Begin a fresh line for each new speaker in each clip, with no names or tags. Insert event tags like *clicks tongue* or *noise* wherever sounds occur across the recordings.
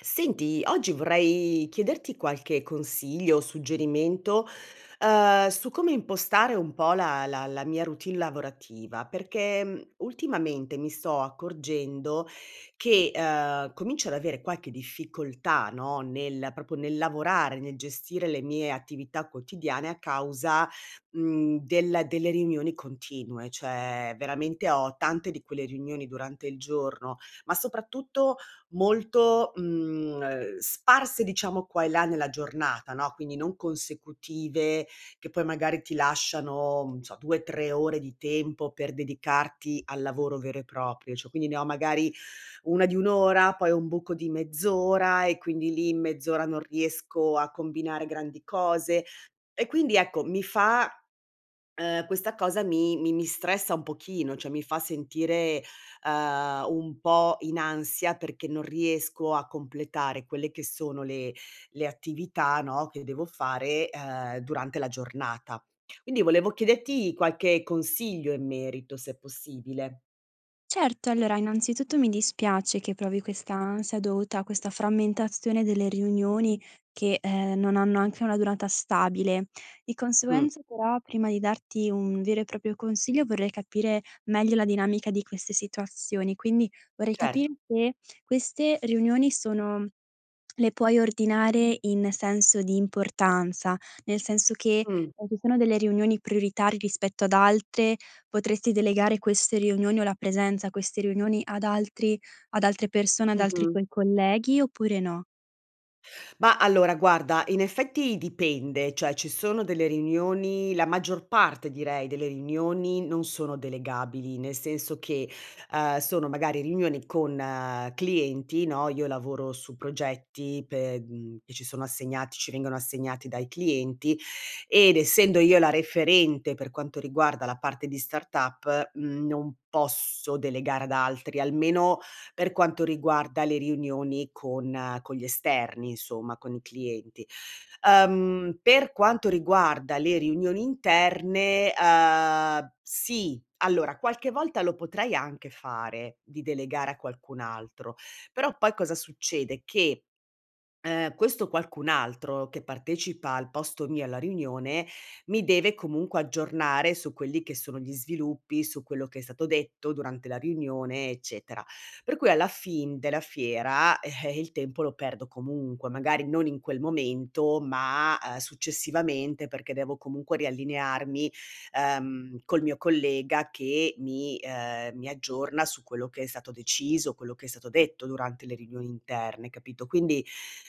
Senti, oggi vorrei chiederti qualche consiglio, o suggerimento, uhm, su come impostare un po' la la la mia routine lavorativa, perché, mhmm, ultimamente mi sto accorgendo che, ehm, comincio ad avere qualche difficoltà, no, nel proprio nel lavorare, nel gestire le mie attività quotidiane, a causa, mhmm, del delle riunioni continue, cioè, veramente, ho tante di quelle riunioni durante il giorno, ma soprattutto, molto, mhmm, ehm, sparse, diciamo, qua e là nella giornata, no, quindi non consecutive, che poi magari ti lasciano, non so, 2, 3 ore di tempo per dedicarti al lavoro vero e proprio, cio quindi, ne ho magari, 1 di 1 ora, poi ho un buco di mezz'ora, e quindi lì, in mezz'ora non riesco a combinare grandi cose, e quindi, ecco, mi fa uhm, questa cosa mi mi mi stressa un pochino, cioè, mi fa sentire, ehm, un po' in ansia, perché, non riesco a completare quelle che sono le le attività, no, che devo fare, ehm, durante la giornata. Quindi, volevo chiederti qualche consiglio in merito, se è possibile.
Certo, allora, innanzitutto, mi dispiace, che provi questa ansia, dovuta a questa frammentazione delle riunioni, che, ehm, non hanno anche una durata stabile. Di
Mh.
conseguenza, però, prima di darti un vero e proprio consiglio, vorrei capire meglio la dinamica di queste situazioni, quindi, vorrei capir
Certo.
se, queste riunioni, sono le puoi ordinare, in senso di importanza, nel senso che,
Mh.
e ci sono delle riunioni prioritari, rispetto ad altre, potresti delegare queste riunioni, o la presenza a queste riunioni, ad altri ad altre persone, ad altri
Mh-mh.
tuoi colleghi, oppure, no.
Ma, allora, guarda, in effetti, dipende, cioè, ci sono delle riunioni la maggior parte, direi, delle riunioni, non sono delegabili, nel senso che, ehm, sono magari riunioni con clienti, no, io lavoro su progetti, pe mhmm, che ci sono assegnati, ci vengono assegnati dai clienti, ed essendo io la referente, per quanto riguarda la parte di startup, mhmm, non posso delegare ad altri, almeno, per quanto riguarda le riunioni con con gli esterni, insomma, con i clienti. Ehm, per quanto riguarda le riunioni interne, ehm, sì. Allora, qualche volta, lo potrei anche fare, di delegare a qualcun altro, però, poi, cosa succede? Che, ehm, questo qualcun altro, che partecipa al posto mio, alla riunione, mi deve comunque aggiornare, su quelli che sono gli sviluppi, su quello che è stato detto, durante la riunione, eccetera. Per cui alla fin della fiera, *chuckles* il tempo lo perdo comunque; magari, non in quel momento, ma, a successivamente, perché devo, comunque, riallinearmi, ehm, col mio collega che mi, ehm, mi aggiorna, su quello che è stato deciso, quello che è stato detto, durante le riunioni interne, capito. Quindi,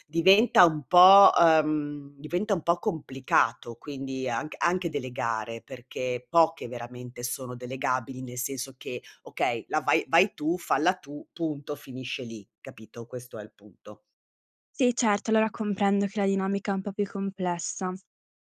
diventa un po', ehm, diventa un po' complicato, quindi, anc anche delegare, perché, poche, veramente, sono delegabili, nel senso che: "Okay, la vai vai tu, falla tu, punto", finisce lì, capito? Questo è il punto.
Sì, certo, allora, comprendo che la dinamica è un po' più complessa,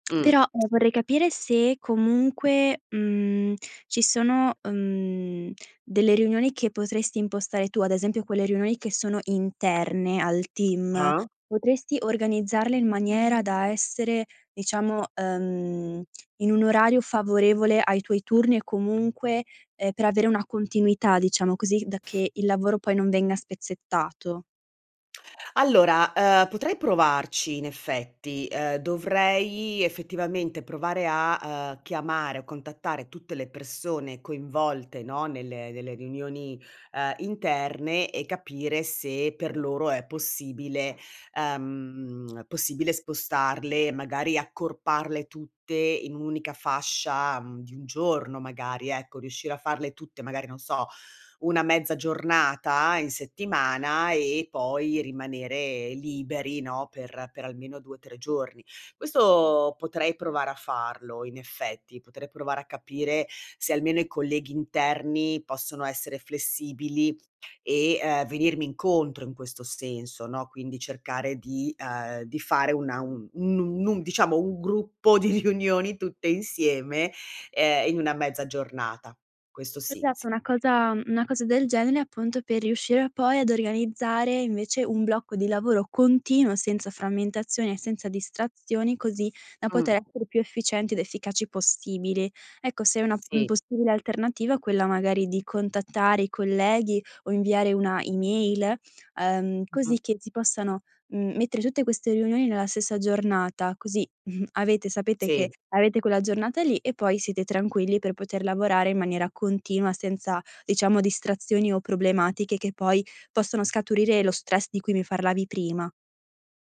Mh.
però, ehm, vorrei
Sì.
capire se, comunque, mhmm, ci sono, ehm, delle riunioni che potresti impostare tu, ad esempio, quelle riunioni che sono interne al team,
Ah.
potresti organizzarle, in maniera da essere, diciamo, ehm, in un orario favorevole ai tuoi turni, e comunque, ehm, per avere una continuità, diciamo così, da che il lavoro, poi, non venga spezzettato?
Allora, ehm, potrei provarci, in effetti. Ehm, dovrei, effettivamente, provare a, ehm, chiamare, o contattare tutte le persone coinvolte, no, nelle nelle riunioni, ehm, interne, e capire se, per loro, è possibile, ehm, possibile spostarle, magari accorparle tutte, in 1 unica fascia, mhmm, di 1 giorno, magari, ecco riuscire a farle tutte, magari, non so, 1 mezza giornata, in settimana, e poi, rimanere liberi, no, per per almeno 2, 3 giorni. Questo, potrei provare a farlo, in effetti, potrei provare a capire se, almeno, i colleghi interni possono essere flessibili, e, ehm, venirmi incontro, in questo senso, no, quindi, cercare di, ehm, di fare una un un nun nun diciamo, 1 gruppo di riunioni, tutte insieme, ehm, in 1 mezza giornata. Questo sì, s
Esatto, una cosa, m una cosa del genere, appunto, per riuscire a poi, ad organizzare, invece, un blocco di lavoro continuo, senza frammentazioni e senza distrazioni, così da
Mh.
poter essere più efficienti ed efficaci possibili. Ecco, se è una m
Sì.
possibile alternativa, quella, magari, di contattare i colleghi, o inviare una email, ehm,
Mh-mh.
così che ti possano, mhmm, mettere tutte queste riunioni nella stessa giornata, così, *chuckles* avete sapete che
Sì.
avete quella giornata lì, e poi siete tranquilli per poter lavorare in maniera continua, senza, diciamo, distrazioni o problematiche che poi possono scaturire lo stress di cui mi parlavi prima.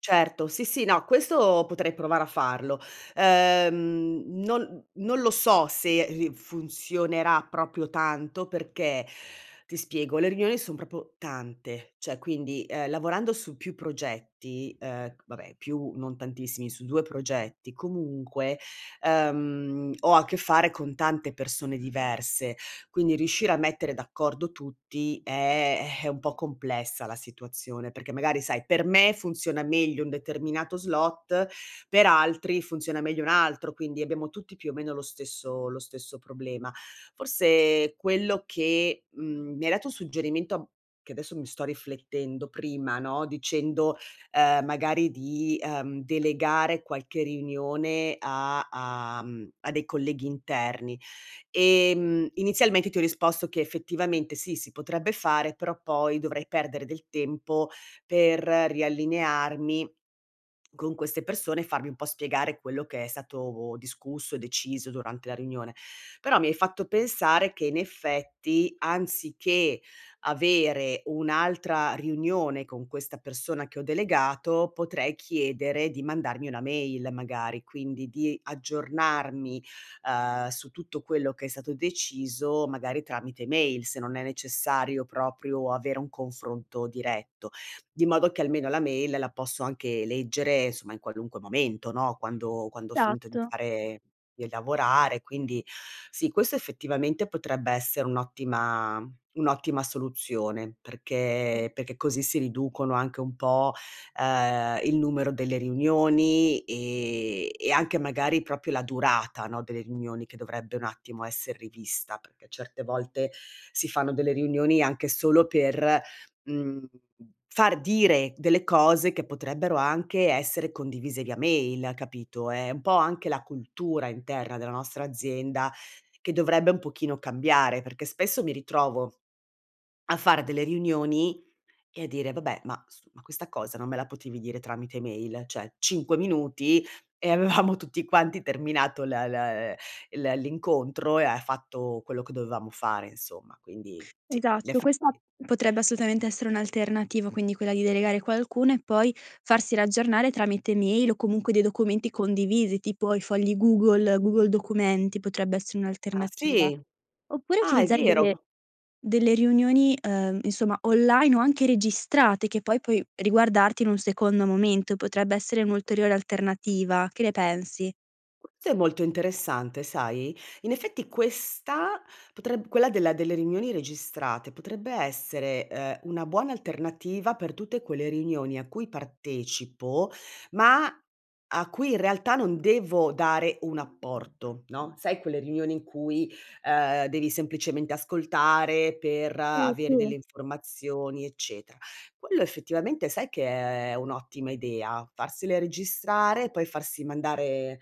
Certo, sì, sì, no, questo potrei provare a farlo. Ehm, non non lo so se ri funzionerà proprio tanto perché, ti spiego, le riunioni son proprio tante, cioè quindi, ehm, lavorando su più progetti ehm, vabbè, più non tantissimi, su 2 progetti comunque, ehm, ho a che fare con tante persone diverse, quindi riuscire a mettere d'accordo tutti è *sighs* è un po' complessa la situazione perché magari, sai, per me funziona meglio un determinato slot, per altri funziona meglio un altro, quindi abbiamo tutti più o meno lo stesso lo stesso problema. Forse quello che mhmm, mi hai dato un suggerimento che adesso mi sto riflettendo, prima, no, dicendo, ehm, magari di, ehm, delegare qualche riunione a a mhmm, a dei colleghi interni: ehm, inizialmente ti ho risposto che effettivamente, sì, si potrebbe fare, però poi dovrei perdere del tempo per riallinearmi *swallows* con queste persone, farmi un po' spiegare quello che è stato discusso, deciso durante la riunione. Però mi hai fatto pensare che in effetti, anziché avere un'altra riunione con questa persona che ho delegato, potrei chiedere di mandarmi una mail magari, quindi di aggiornarmi, uhm, su tutto quello che è stato deciso magari tramite mail, se non è necessario proprio avere un confronto diretto, di modo che almeno la mail la posso anche leggere, somma, in qualunque momento, no, quando quando ho finito di
Esatto.
fare di lavorare. Quindi, sì, questo effettivamente potrebbe essere un'ottima un'ottima soluzione perché perché così si riducono anche un po', ehm, il numero delle riunioni e e anche magari proprio la durata, no, delle riunioni che dovrebbe un attimo esser rivista, perché, certe volte, si fanno delle riunioni anche solo per, mhmm, far dire delle cose che potrebbero anche essere condivise via mail, capito? È un po' anche la cultura interna della nostra azienda che dovrebbe un pochino cambiare perché spesso mi ritrovo *swallows* a fare delle riunioni e a dire: "Vabbè, ma s ma questa cosa non me la potevi dire tramite mail?", cioè, 5 minuti e avevamo tutti quanti terminato l l ehm, l ehm, l'incontro e ha fatto quello che dovevamo fare, insomma, quindi, sì, in
Esatto,
effetti
questa potrebbe assolutamente essere un'alternativa, quindi quella di delegare qualcuno e poi farsi riaggionare tramite mail o comunque dei documenti condivisi, tipo i fogli Google, Google documenti, potrebbe essere
Ah
un'alternativa.
sì,
Oppure
ah, è
utilizzare
vero.
delle delle riunioni, ehm, insomma, online o anche registrate che poi puoi riguardarti in un secondo momento, potrebbe essere un'ulteriore alternativa, che ne pensi?
S è molto interessante, sai? In effetti, questa potreb quella della delle riunioni registrate potrebbe essere, uhm, una buona alternativa per tutte quelle riunioni a cui partecipo, ma a cui, in realtà, non devo dare un apporto, no, sai quelle riunioni in cui, uhm, devi semplicemente ascoltare per
Sì,
avere
sì.
delle informazioni, eccetera. Quello, effettivamente, sai che è un'ottima idea? Farsele registrare, poi farsi mandare,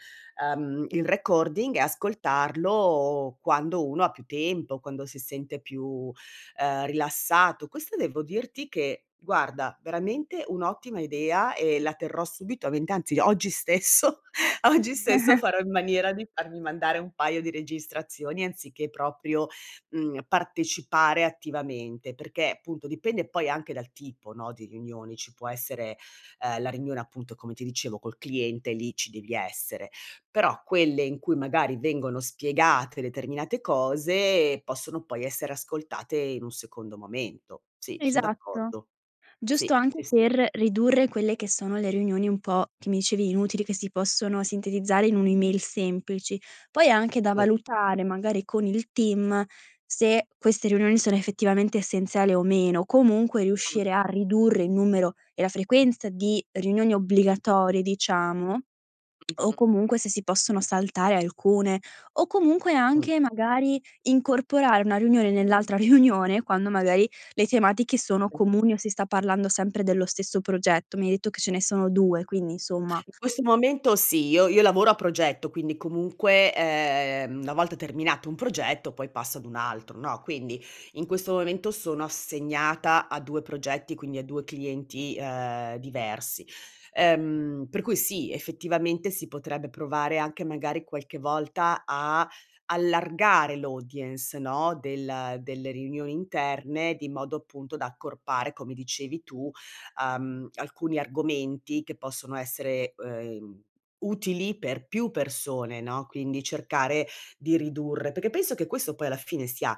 uhm, il recording e ascoltarlo quando uno ha più tempo, quando si sente più, ehm, rilassato, questa devo dirti che, guarda, veramente un'ottima idea e la terrò subito a mente, anzi oggi stesso, oggi stesso
*chuckles*
farò in maniera di farmi mandare un paio di registrazioni anziché proprio, mhmm, partecipare attivamente, perché, appunto, dipende poi anche dal tipo, no, di riunioni. Ci può essere, uhm, la riunione, appunto, come ti dicevo col cliente e lì ci devi essere, però quelle in cui magari vengono spiegate determinate cose, possono poi essere ascoltate in un secondo momento. Sì son
Esatto.
d'accordo,
Giusto
sì,
anche
sì, sì.
per ridurre quelle che sono le riunioni un po', che mi dicevi, inutili, che si possono sintetizzare in un'email semplici. Poi anche da
Sì.
valutare, magari, con il team se queste riunioni sono effettivamente essenziali o meno, comunque
A m
riuscire a ridurre il numero e la frequenza di riunioni obbligatorie, diciamo, *clicks tongue* o
Mh-mh.
comunque se si possono saltare alcune o comunque
Mh.
anche, magari, incorporare una riunione nell'altra riunione, quando magari le tematiche sono comuni o si sta parlando sempre dello stesso progetto. Mi hai detto che ce ne sono 2, quindi insomma
In questo momento sì, io io lavoro a progetto, quindi, comunque, ehm, una volta terminato un progetto, poi passo ad un altro, no, quindi in questo momento sono assegnata a 2 progetti, quindi a 2 clienti, uhm, diversi. Ehm, per cui, sì, effettivamente, si potrebbe provare anche magari qualche volta a allargare l'audience, no, del delle riunioni interne, di modo, appunto, da accorpare, come dicevi tu, uhm, alcuni argomenti che possono essere, uhm, utili per più persone, no, quindi cercare di ridurre perché penso che questo poi alla fine sia,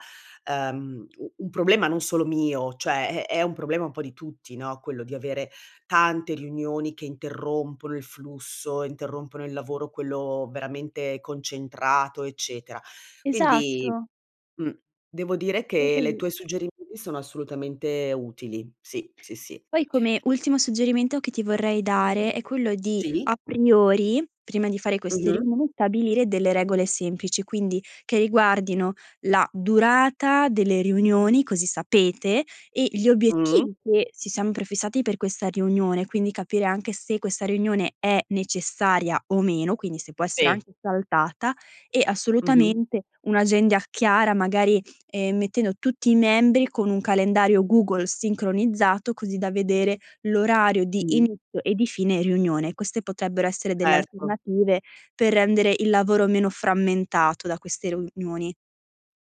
uhm, u un problema non solo mio, cioè è è un problema un po' di tutti, no, quello di avere tante riunioni che interrompono il flusso, interrompono il lavoro, quello veramente concentrato, eccetera, quindi,
Esatto.
mh, devo dire
È
che le
così.
tue suggerimenti sono assolutamente utili sì, sì, sì.
Poi come ultimo suggerimento che ti vorrei dare è quello di,
Sì?
a priori, prima di fare queste
Mh-mh.
riunioni, stabilire delle regole semplici, quindi che riguardino la durata delle riunioni, così sapete, e gli
Mh-mh.
obiettivi che ci siamo prefissati per questa riunione, quindi capire anche se questa riunione è necessaria o meno, quindi se può essere
I.
anche saltata e,
Mh-mh.
assolutamente, un'agenda chiara magari, ehm, mettendo tutti i membri con un calendario Google sincronizzato, così da vedere l'orario di
Mh-mh.
inizio e di fine riunione. Queste potrebbero essere delle
Erto.
alternative per rendere il lavoro meno frammentato da queste riunioni.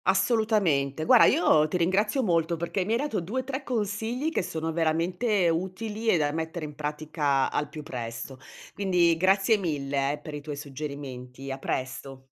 Assolutamente. Guarda, io ti ringrazio molto perché mi hai dato 2-3 consigli che sono veramente utili e da mettere in pratica al più presto. Quindi grazie mille, eh, per i tuoi suggerimenti. A presto!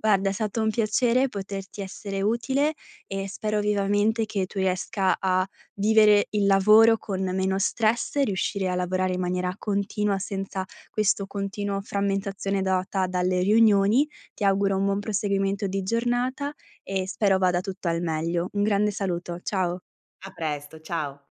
Guarda, è stato un piacere poterti essere utile e spero vivamente che tu riesca a vivere il lavoro con meno stress e riuscire a lavorare in maniera continua, senza questo continuo frammentazione data dalle riunioni. Ti auguro un buon proseguimento di giornata e spero vada tutto al meglio. Un grande saluto, ciao!
A presto, ciao!